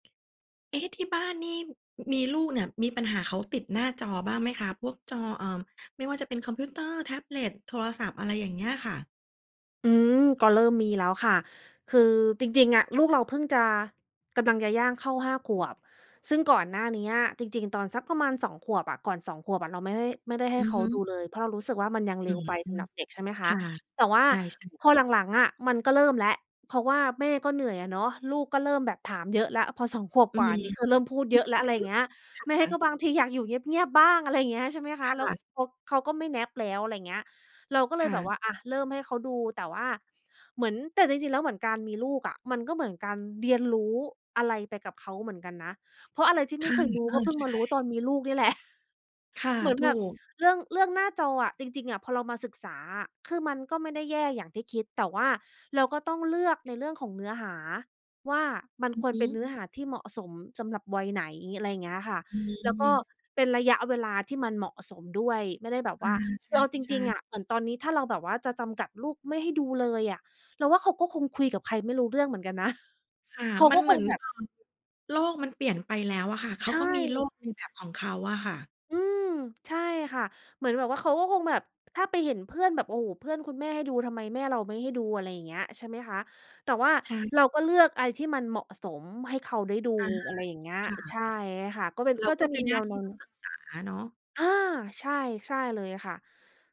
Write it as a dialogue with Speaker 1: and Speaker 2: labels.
Speaker 1: เอ๊ะ! ที่บ้านนี่ มีลูกเนี่ย มีปัญหาเขาติดหน้าจอบ้างไหมคะ พวกจอ เอ่อ ไม่ว่าจะเป็นคอมพิวเตอร์ แท็บเล็ต โทรศัพท์ อะไรอย่างเงี้ยอะค่ะ?
Speaker 2: อืม ก็เริ่มมีแล้วค่ะ คือจริง ๆ อะ ลูกเราเพิ่งจะ กำลังจะย่างเข้า 5 ขวบ ซึ่งก่อนหน้าเนี้ย จริง ๆ ตอนสักประมาณ 2 ขวบอะ ก่อน 2 ขวบอะ เราไม่ได้ ไม่ได้ให้
Speaker 1: อื
Speaker 2: เ
Speaker 1: อ
Speaker 2: ขา
Speaker 1: ฮ
Speaker 2: ดู
Speaker 1: ึ
Speaker 2: เลย เพราะเรารู้สึกว่า มันยัง
Speaker 1: อ
Speaker 2: เร
Speaker 1: ื
Speaker 2: ็ว
Speaker 1: ม
Speaker 2: ไปสำหรับเด็ก ใช่ไหมค
Speaker 1: ค
Speaker 2: ะ
Speaker 1: ่ะ
Speaker 2: แต่ว่า
Speaker 1: ใช่ ๆ
Speaker 2: พอหลัง ๆ อะ มันก็เริ่มแล้ว เพราะว่าแม่ก็เหนื่อยอะเนาะ ลูกก็เริ่มแบบถามเยอะแล้ว พอ 2 ขวบ
Speaker 1: อื
Speaker 2: กว่า
Speaker 1: ม
Speaker 2: นี้คือเริ่มพูดเยอะแล้ว อะไรอย
Speaker 1: อ
Speaker 2: ่า
Speaker 1: ื
Speaker 2: ง
Speaker 1: อ
Speaker 2: เงี้ย
Speaker 1: ฮึ
Speaker 2: แม่
Speaker 1: ค่
Speaker 2: ก็
Speaker 1: ะ
Speaker 2: บางทีอยากอยู่เงียบ ๆ บ้าง อะไรอย่างเงี้ย ใช่ไหมคะ
Speaker 1: ค
Speaker 2: แล้ว
Speaker 1: ่ะ
Speaker 2: เขา เขาก็ไม่ Nap แล้ว อะไรเงี้ย เราก็เล
Speaker 1: ค
Speaker 2: ย
Speaker 1: ่
Speaker 2: แบบว
Speaker 1: ะ
Speaker 2: ่า อะ เริ่มให้เขาดู แต่ว่าเหมือน แต่จริง ๆ แล้ว เหมือนการมีลูกอะ มันก็เหมือนการเรียนรู้อะไรไปกับเขาเหมือนกันนะ เพราะอะไรที่
Speaker 1: ค
Speaker 2: ไม่
Speaker 1: ่ะ
Speaker 2: เคยรู้
Speaker 1: เอ
Speaker 2: ก็
Speaker 1: อ
Speaker 2: เพิ่ง
Speaker 1: ใช
Speaker 2: มารู้ตอ
Speaker 1: ่
Speaker 2: นมีลูกนี่ แหละ
Speaker 1: ค่ะ
Speaker 2: เหมือน
Speaker 1: ถ
Speaker 2: แบ
Speaker 1: ู
Speaker 2: บ
Speaker 1: ก
Speaker 2: เรื่อง เรื่องหน้าจออะ จริง ๆ อะ พอเรามาศึกษาอะ คือมันก็ไม่ได้แย่อย่างที่คิด แต่ว่าเราก็ต้องเลือก ในเรื่องของเนื้อหาว่า มัน
Speaker 1: อือ
Speaker 2: คว
Speaker 1: ฮ
Speaker 2: รเป็น
Speaker 1: ึ
Speaker 2: เนื้อหาที่เหมาะสม สำหรับวัยไหน อะไรอย่างเงี้ยค่ะ
Speaker 1: อื
Speaker 2: แล้วก็
Speaker 1: ม
Speaker 2: เป็นระยะเวลาที่มันเหมาะสมด้วย ไม่ได้แบบ
Speaker 1: อ
Speaker 2: ว
Speaker 1: า
Speaker 2: ่า
Speaker 1: ใช
Speaker 2: คือ
Speaker 1: ่
Speaker 2: เอาจ
Speaker 1: ใช
Speaker 2: ริ
Speaker 1: ่
Speaker 2: ง ๆ อะ เหมือนตอนนี้ ถ้าเราแบบว่าจะจำกัดลูกไม่ให้ดูเลยอะ เราว่าเขาก็คงคุยกับใครไม่รู้เรื่องเหมือนกันนะ
Speaker 1: ค่ะ
Speaker 2: เขา
Speaker 1: มั
Speaker 2: ก็
Speaker 1: นเห
Speaker 2: ค
Speaker 1: มื
Speaker 2: ง
Speaker 1: อน
Speaker 2: แบบ
Speaker 1: เออ โลกมันเปลี่ยนไปแล้วอะค่ะ เข
Speaker 2: ใช
Speaker 1: าก็มีโล
Speaker 2: ่
Speaker 1: กเป็นแบบของเขาอะค่ะ
Speaker 2: อืม ใช่ค่ะ เหมือนแบบว่า เขาก็คงแบบ ถ้าไปเห็นเพื่อนแบบ โอ้โฮ! เพื่อนคุณแม่ให้ดู ทำไมแม่เราไม่ให้ดู อะไรอย่างเงี้ย ใช่ไหมคะ แต่ว่า
Speaker 1: ใช่
Speaker 2: เราก็เลือกอะไรที่มันเหมาะสม ให้เขาได้ดู
Speaker 1: อะฮะ
Speaker 2: อะไรอย่างเงี้ย
Speaker 1: ค่
Speaker 2: ใช
Speaker 1: ะ
Speaker 2: ่ค่ะ ก็เป็น
Speaker 1: เร
Speaker 2: ก
Speaker 1: า
Speaker 2: ็
Speaker 1: ก
Speaker 2: จ
Speaker 1: ็
Speaker 2: ะเป
Speaker 1: มี
Speaker 2: ็น
Speaker 1: ห
Speaker 2: แ
Speaker 1: น
Speaker 2: น
Speaker 1: ้า
Speaker 2: ว
Speaker 1: ที่ต้อ
Speaker 2: ๆ
Speaker 1: งศึกษาเนาะ
Speaker 2: อา ใช่ ใช่เลยค่ะ